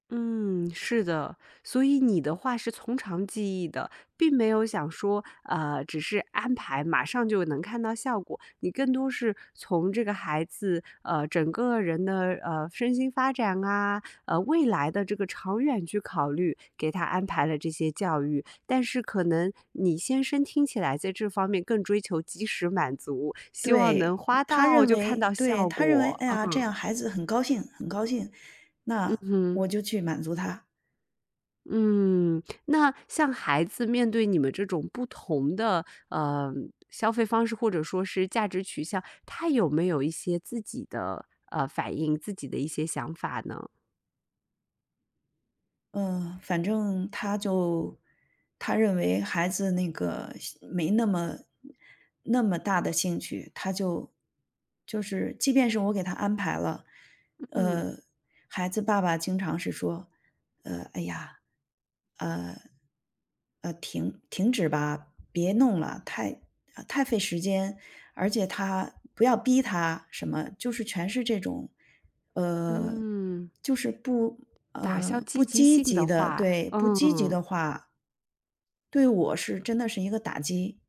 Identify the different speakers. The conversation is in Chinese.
Speaker 1: 嗯，是的。所以你的话是从长计议的，并没有想说，呃，只是安排马上就能看到效果。你更多是从这个孩子，呃，整个人的，呃，身心发展啊，呃，未来的这个长远去考虑，给他安排了这些教育。但是可能你先生听起来在这方面更追求及时满足，希望能
Speaker 2: 对。
Speaker 1: 花
Speaker 2: 他
Speaker 1: 到
Speaker 2: 认
Speaker 1: 看
Speaker 2: 为
Speaker 1: 到
Speaker 2: 对，
Speaker 1: 效
Speaker 2: 他认为
Speaker 1: 果。
Speaker 2: “哎呀！这
Speaker 1: 嗯。
Speaker 2: 样孩子很高兴，很高兴，
Speaker 1: 嗯
Speaker 2: 那
Speaker 1: 哼。
Speaker 2: 我就去满足他。”
Speaker 1: 嗯，那像孩子面对你们这种不同的，呃，消费方式，或者说是价值取向，他有没有一些自己的，呃，反应，自己的一些想法呢？
Speaker 2: 嗯，反正他就他认为孩子那个兴没那么那么大的兴趣，他就就是即便是我给他安排了，
Speaker 1: 嗯。
Speaker 2: 呃，孩子爸爸经常是说，呃，“哎呀。呃呃，停停止吧，别弄了，太太费时间，而且他不要逼他”什么。就是全是这种，呃，
Speaker 1: 嗯。
Speaker 2: 就是不
Speaker 1: 打消
Speaker 2: 呃，不
Speaker 1: 积极
Speaker 2: 积
Speaker 1: 性的
Speaker 2: 极的
Speaker 1: 话
Speaker 2: 对，不积极的
Speaker 1: 嗯。
Speaker 2: 话。对我真的是一个打击。